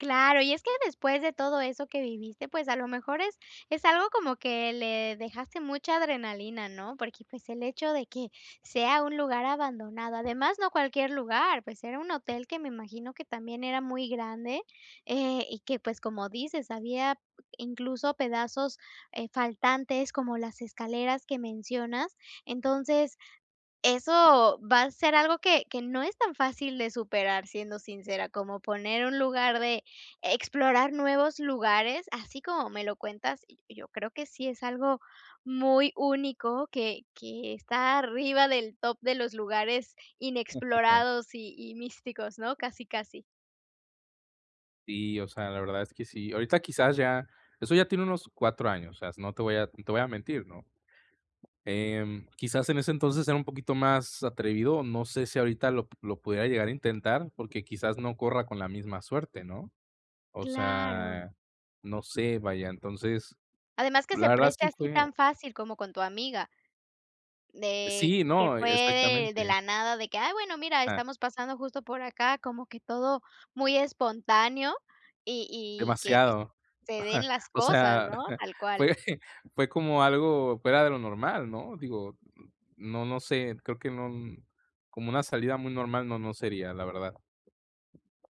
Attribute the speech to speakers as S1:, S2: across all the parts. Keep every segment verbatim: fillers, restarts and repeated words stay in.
S1: Claro, y es que después de todo eso que viviste, pues, a lo mejor es es algo como que le dejaste mucha adrenalina, ¿no?, porque, pues, el hecho de que sea un lugar abandonado, además, no cualquier lugar, pues, era un hotel que me imagino que también era muy grande, eh, y que, pues, como dices, había incluso pedazos, eh, faltantes, como las escaleras que mencionas. Entonces, eso va a ser algo que que no es tan fácil de superar, siendo sincera, como poner un lugar de explorar nuevos lugares, así como me lo cuentas, y yo creo que sí es algo muy único que que está arriba del top de los lugares inexplorados y y místicos, ¿no?, casi, casi.
S2: Sí, o sea, la verdad es que sí, ahorita quizás ya eso ya tiene unos cuatro años, o sea, no te voy a no a te voy a mentir, ¿no?, em, quizás en ese entonces era un poquito más atrevido, no sé si ahorita lo p lo pudiera llegar a intentar porque quizás no corra con la misma suerte, ¿no?, o
S1: ¡Claro!
S2: sea, no sé, vaya. Entonces
S1: Además que se
S2: la verdad,
S1: preste
S2: sí
S1: así
S2: fue
S1: tan fácil como con tu amiga, de
S2: Sí,
S1: que
S2: no,
S1: fue de de
S2: exactamente.
S1: la nada de que: "Ay, bueno, mira,
S2: Ah.
S1: estamos pasando justo por acá", como que todo muy espontáneo y y que, pues,
S2: Demasiado,
S1: se den las
S2: o
S1: cosas,
S2: sea,
S1: ¿no?, tal cual.
S2: fue fue como algo fuera de lo normal, ¿no?, digo, no no sé, creo que no como una salida muy normal no no sería, la verdad.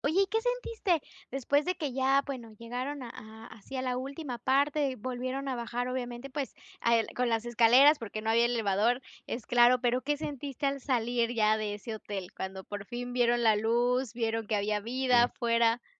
S1: Oye, ¿y qué sentiste?, después de que ya, bueno, llegaron a a así a la última parte, volvieron a bajar, obviamente, pues, a el con las escaleras porque no había elevador, es claro, pero ¿qué sentiste al salir ya de ese hotel?, cuando por fin vieron la luz, vieron que había vida
S2: Sí.
S1: afuera.